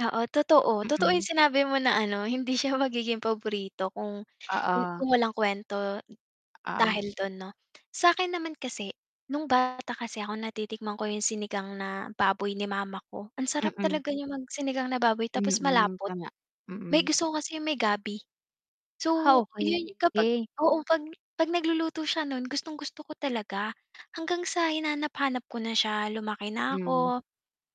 Oo, totoo. Totoo 'yung Mm. sinabi mo na ano hindi siya magiging paborito kung Oo. kung walang kuwento Oo. dahil do'n, 'no? Sa'kin naman kasi, no'ng bata kasi ako, natitikman ko 'yung sinigang na baboy ni mama ko. Ang sarap Mm. talaga niya mag sinigang na baboy tapos Mm, malapot. tama, May mm. gusto ko kasi 'yung may gabi. Ah, So, 'yu kapag, okey. oo, 'pag 'pag nagluluto siya no'n, gustong-gusto ko talaga, hanggang sa hinanap-hanap ko na siya, lumaki na Mm. ako,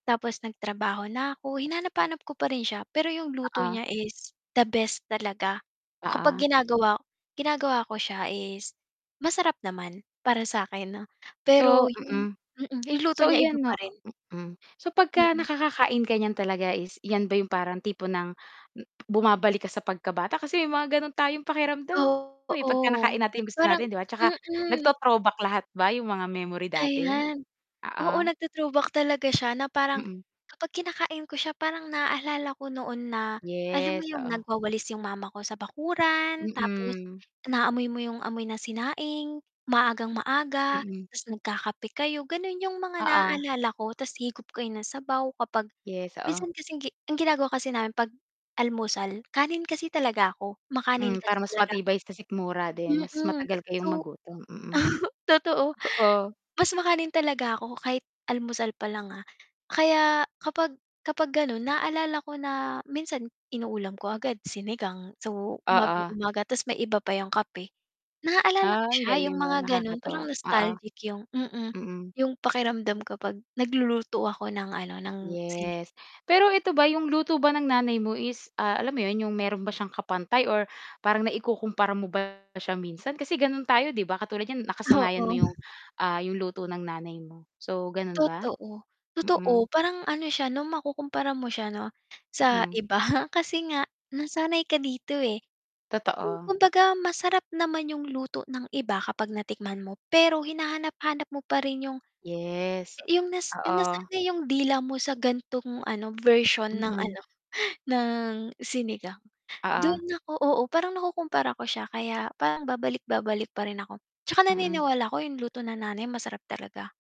tapos nagtrabaho na ako, hinanap-hanap ko pa rin siya. Pero 'yung luto Oo. niya is the best talaga kapag Oo. ginagawa ginagawa ko siya is masarap naman para sa'kin, 'no, pero So, 'yung mm. mm, 'yung luto So, niya iba iyan, 'no, pa rin. mm, so, 'pagka Mm. nakakakain ka niyan talaga is 'yan ba 'yung parang tipo ng m bumabalik ka sa pagkabata? Kasi may mga gano'n tayong pakiramdam, eh, 'pagka Oo, nakain natin 'yung gusto parang natin, 'di ba, 'tsaka mm. nagto throwback lahat ba 'yung mga memory dati? Ayan, oo Oo. nagto-throwback talaga siya na parang, Mhm. kapag kinakain ko siya, parang naalala ko noon na, alam mo Yes, 'yung oo. nagwawalis 'yung mama ko sa bakuran, tapos Mm. naamoy mo 'yung, amoy na sinaing, maagang-maaga, Mhm. 'tas nagkakape kayo. Gano'n 'yung mga Oo. naalala ko, 'tas higop kayo ng sabaw, kapag Yes, oo. minsan kasing gi ang ginagawa kasi namin, 'pag almusal, kanin kasi talaga ako, makanin Hmm, kasi para mas talaga ako. matibay sa sikmura din, mas Mm, matagal so, kayong magutom, mm. totoo, Totoo. mas makanin talaga ako, kahit almusal pa lang, ah, kaya kapag kapag gano'n naalala ko na minsan inuulam ko agad sinigang, so, Oo. umagang-umaga 'tas may iba pa 'yung kape. Naaalala ko Ah, ang siya 'yung galing, 'no, mga gano'n parang nakakatuwa, oo, nostalgic 'yung, mm, mm. 'yung pakiramdam kapag nagluluto ako ng ano ng sini Yes, pero eto ba 'yung luto ba ng nanay mo is, ah, alam mo 'yun, 'yung meron ba siyang kapantay or parang naikukumpara mo ba siya minsan kasi gano'n tayo, 'di ba, katulad niyan nakasanayan Oo. mo 'yung, ah, 'yung luto ng nanay mo. So, gano'n ba? Totoo, totoo Mm. parang ano siya, 'no, makukumpara mo siya, 'no, sa Mm. iba kasi nga nasanay ka dito, eh. Hmm, Totoo. kumbaga masarap naman 'yung luto ng iba kapag natikman mo, pero hinahanap-hanap mo pa rin 'yung Yes, 'yung, nas oo. nasanay 'yung dila mo sa gan'tong ano version ng Mm. ano ng sinigang. Oo. Do'n ako, oo, parang nakukumpara ko siya, kaya parang babalik-babalik pa rin ako, 'tsaka Mm. naniniwala ko 'yung luto ng nanay masarap talaga.